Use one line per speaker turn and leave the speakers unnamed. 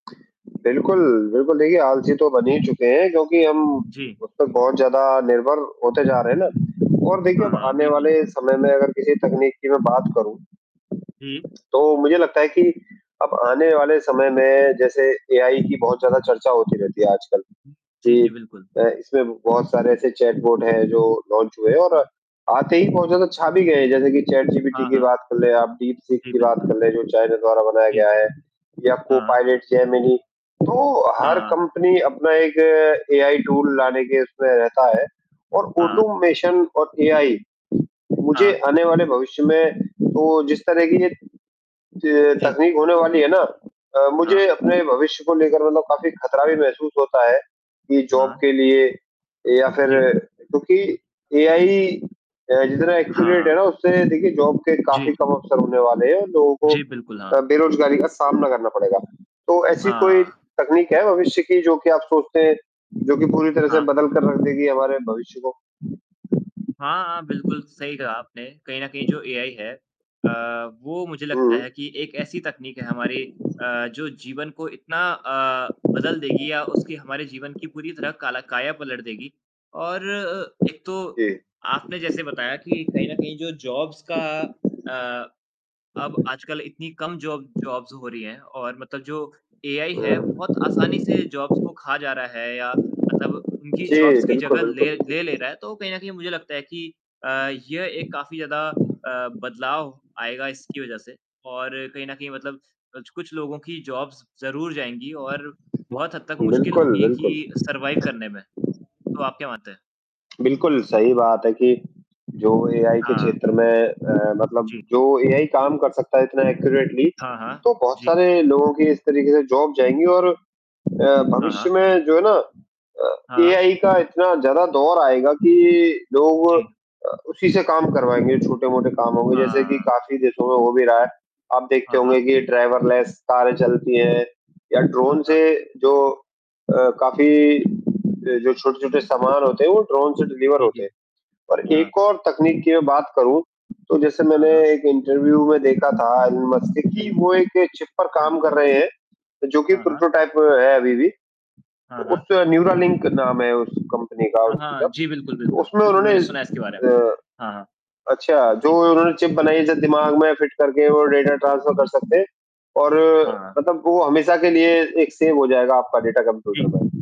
बिल्कुल, बिल्कुल। देखिए, आलसी तो बन ही चुके हैं, क्योंकि हम
जी।
अब तो बहुत ज़्यादा निर्भर होते जा रहे हैं ना? और देखिए
हाँ,
अब
हाँ,
आने वाले
बिल्कुल।
समय में अगर किसी तकनीक की मैं बात करूँ।
जी।
तो मुझे लगता है कि अब आने वाले समय में जैसे एआई की बहुत ज़्यादा चर्चा होती रहती है आजकल
हुँ। जी,
कि
जी, बिल्कुल।
अ, इसमें बहुत सारे ऐसे चैट बोट हैं जो लॉन्च हुए हैं और
हाँ।
आते ही पहुँचो तो छा भी गए हैं, जैसे कि चैट जीपीटी
हाँ,
की
हाँ।
बात कर ले आप डीप
उ,
सीक
जी
की बात
बिल्कुल।
कर लें, जो चाइना द्वारा बनाया
जी।
गया है, या
हाँ।
Copilot, Gemini. तो
हाँ,
हर
हाँ।
कंपनी अपना एक एआई टूल लाने के उसमें रहता है और
हाँ।
ऑटोमेशन और एआई, मुझे
हाँ।
आने वाले भविष्य में तो जिस तरह की ये त
जी।
तकनीक होने वाली है ना अ,
हाँ।
मुझे अपने भविष्य को लेकर मतलब काफ़ी ख़तरा भी महसूस होता है कि जॉब
हाँ।
के लिए या फिर
जी।
क्योंकि एआई अ, जितना
हाँ,
एक्यूरेट
हाँ।
है ना, उससे देखिए जॉब के काफ़ी
जी।
कम अवसर होने वाले हैं, उन लोगों को
जी, बिल्कुल, हाँ।
अ, बेरोज़गारी का सामना करना पड़ेगा। तो ऐसी कोई
हाँ।
तकनीक है भविष्य की जो कि आप सोचते हैं, जो कि पूरी तरह से
हाँ।
बदल कर रख देगी हमारे भविष्य को?
हाँ, हाँ, बिल्कुल सही कहा आपने। कहीं न कहीं जो एआई है अ, वो मुझे लगता है
हुँ।
कि एक ऐसी तकनीक है हमारी अ, जो जीवन को इतना अ, बदल देगी या उसकी हमारे जीवन की पूरी तरह काला काया पलट देगी और अ, एक तो,
जी।
आपने जैसे बताया कि कहीं न कहीं जो जॉब्स का अ, अब आजकल इतनी कम जॉब जॉब्स हो रही हैं और मतलब जो एआई है,
हाँ।
बहुत आसानी से जॉब्स को खा जा रहा है या मतलब उनकी
जी,
जॉब्स की
बिल्कुल,
जगह
बिल्कुल, बिल्कुल।
ले ले रहा है। तो कहीं न कहीं मुझे लगता है कि अ, ये एक काफ़ी ज़्यादा अ, बदलाव आएगा इसकी वज़ह से और कहीं न कहीं मतलब कुछ-कुछ लोगों की जॉब्स ज़रूर जाएँगी और बहुत हद तक मुश्किल
बिल्कुल,
होगी कि
बिल्कुल।
सरवाइव करने में। तो आप क्या मानते हैं?
बिल्कुल सही बात है कि, जो एआई के
हाँ।
क्षेत्र में अ, मतलब
जी।
जो एआई काम कर सकता है इतना एक्यूरेटली,
हाँ, हाँ।
तो बहुत
जी।
सारे लोगों की इस तरीके से जॉब जाएँगी और अ,
हाँ,
भविष्य
हाँ।
में जो है ना अ,
हाँ।
एआई का इतना ज़्यादा दौर आएगा कि लोग
जी।
अ, उसी से काम करवाएँगे, छोटे-मोटे काम होंगे, जैसे कि
हाँ।
काफ़ी देशों में हो भी रहा है। आप देखते
हाँ, हाँ।
होंगे कि ड्राइवरलेस कारें चलती हैं या
हाँ,
ड्रोन से
हाँ।
जो अ, काफ़ी
हुँ।
जो जो छोटे-छोटे सामान होते हैं, वो ड्रोन से डिलीवर
जी,
होते
जी।
हैं और
हाँ।
एक और तकनीक की मैं बात करूँ, तो जैसे
हाँ,
मैंने
हाँ।
एक इंटरव्यू में देखा था एलन मस्क का कि
जी।
वो एक चिप पर
क्या?
काम कर रहे हैं जो कि
हाँ, हाँ।
प्रोटोटाइप है अभी भी,
हाँ, हाँ।
उसका न्यूरालिंक नाम है उस कंपनी का
हाँ,
उसी का।
हाँ। जी, बिल्कुल, बिल्कुल।
उसमें
बिल्कुल,
उन्होंने
मैंने सुना है इसके बारे में।
अ
हाँ, हाँ।
अच्छा जो
जी।
उन्होंने चिप बनाई है जो दिमाग में फिट करके वो डाटा ट्रांसफर कर सकते हैं। और
हाँ।
मतलब वो हमेशा के लिए एक सेव हो जाएगा आपका डेटा
जी।
कम्प्यूटर पे।